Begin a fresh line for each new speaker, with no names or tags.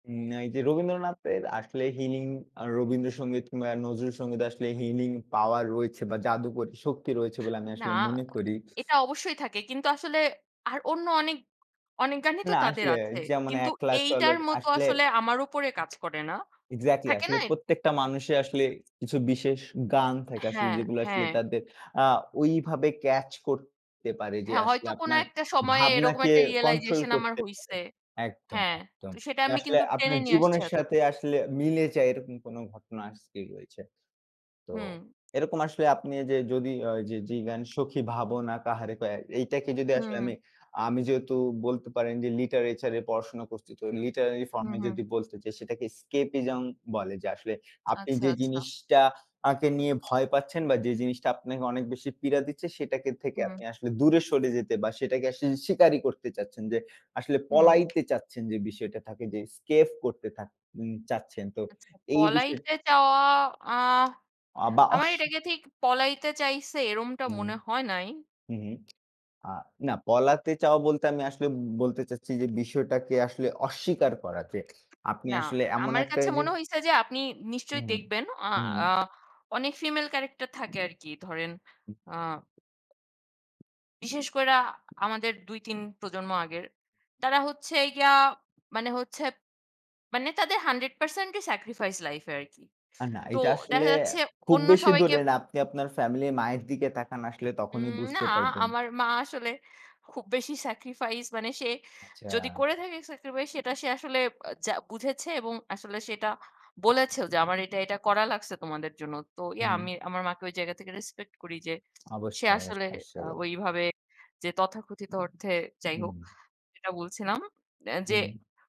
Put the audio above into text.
উম এই যে রবীন্দ্রনাথের আসলে হিলিং রবীন্দ্রসঙ্গীত কিংবা নজরুল সঙ্গীত আসলে হিলিং পাওয়ার রয়েছে বা জাদুকরী শক্তি রয়েছে বলে আমি
না,
আসলে মনে করি।
এটা অবশ্যই থাকে। কিন্তু আসলে আর অন্য অনেক, অনেক গানই তো
না,
তাদের
আসলে
আছে।
যেমন
কিন্তু
একলা চল
এইটার মতো
আসলে।
আসলে আমার উপরে কাজ করে না।
এক্সাক্টলি
থাকে না?
আসলে প্রত্যেকটা মানুষের আসলে কিছু বিশেষ গান থাকে, আসলে
হ্যাঁ,
যেগুলো আসলে
হ্যাঁ।
তাদের আ
হ।
ওইভাবে ক্যাচ করতে পারে যে,
হ্যাঁ,
আসলে
হয়তো কোনো
আপনার
একটা সময়ে এরকম
ভাবনাকে
একটা
কন্ট্রোল
রিয়ালাইজেশন আমার
করতে পারে
হইসে।
একদম,
হ্যাঁ,
একদম।
তো সেটা
যে
আমি
আসলে
কিন্তু টেনে
আপনার
নিয়ে আসছি
জীবনের সাথে
এতদূর।
আসলে মিলে যায়, এরকম কোন ঘটনা আজকে রয়েছে। তো
হুম।
এরকম আসলে আপনি যে যদি যে জীবন সুখী ভাবনা কাহারে এইটাকে যদি আসলে
হুম।
আমি, আমি যেহেতু বলতে পারেন যে, লিটারেচার এর পড়াশোনা করছি তো লিটারেলি ফর্ম
হুম,
এ
হুম।
যদি বলতে যে সেটাকে স্কেপিজম বলে যে আসলে আপনি
আচ্ছা,
যে
আচ্ছা।
জিনিসটাকে নিয়ে ভয় পাচ্ছেন বা যে জিনিসটা আপনাকে অনেক বেশি পীড়া দিচ্ছে, সেটাকে থেকে
হুম।
আপনি আসলে দূরে সরে যেতে বা সেটাকে আসলে শিকারী করতে চাচ্ছেন যে, আসলে
হুম।
পলাইতে চাচ্ছেন যে বিষয়টা থাকে যে স্কেপ করতে চাচ্ছেন তো
আচ্ছা,
এই বিষয়
পলাইতে চাওয়া আ
আ বা
আমার এটাকে ঠিক পলাইতে চাইছে এরকমটা
হুম,
মনে হয় নাই।
হুম, হুম আ না পলাতে চাও বলতে আমি আসলে বলতে চাচ্ছি যে, বিষয়টাকে আসলে অস্বীকার করা যে আপনি
না,
আসলে এমন
আমার
একটা
কাছে
যে
মনে হইছে যে, আপনি নিশ্চয়ই
হুম,
দেখবেন আ
হুম।
অনেক ফিমেল ক্যারাক্টার থাকে আরকি ধরেন
হুম।
আ বিশেষ কইরা আমাদের ২-৩ প্রজন্ম আগের। তারা হচ্ছে গিয়া মানে হচ্ছে মানে তাদের ১০০% শতাংশ স্যাক্রিফাইস লাইফ এ আরকি।
না,
তো
এটা আসলে
দেখা যাচ্ছে
খুব
অন্য
বেশি
সবাইকে।
দূরে না আপনি আপনার ফ্যামিলি মায়ের দিকে তাকান আসলে তখনই
উম না,
বুঝতে পারবেন।
আমার মা আসলে খুব বেশি সেক্রিফাইস মানে সে যদি
আচ্ছা।
করে থাকে সেক্রিফাইস সেটা সে আসলে যা বুঝেছে এবং আসলে সেটা
হুম, হুম।
বলেছেও যে আমার এটা, এটা করা লাগছে তোমাদের জন্য। তো
হুম।
আমি আমার মাকে ওই জায়গা থেকে রেসপেক্ট করি যে, সে
অবশ্যই,
আসলে
অবশ্যই,
আ
আসলে।
ওইভাবে যে তথাকথিত অর্থে যাই
হুম।
হোক সেটা বলছিলাম
হুম।
যে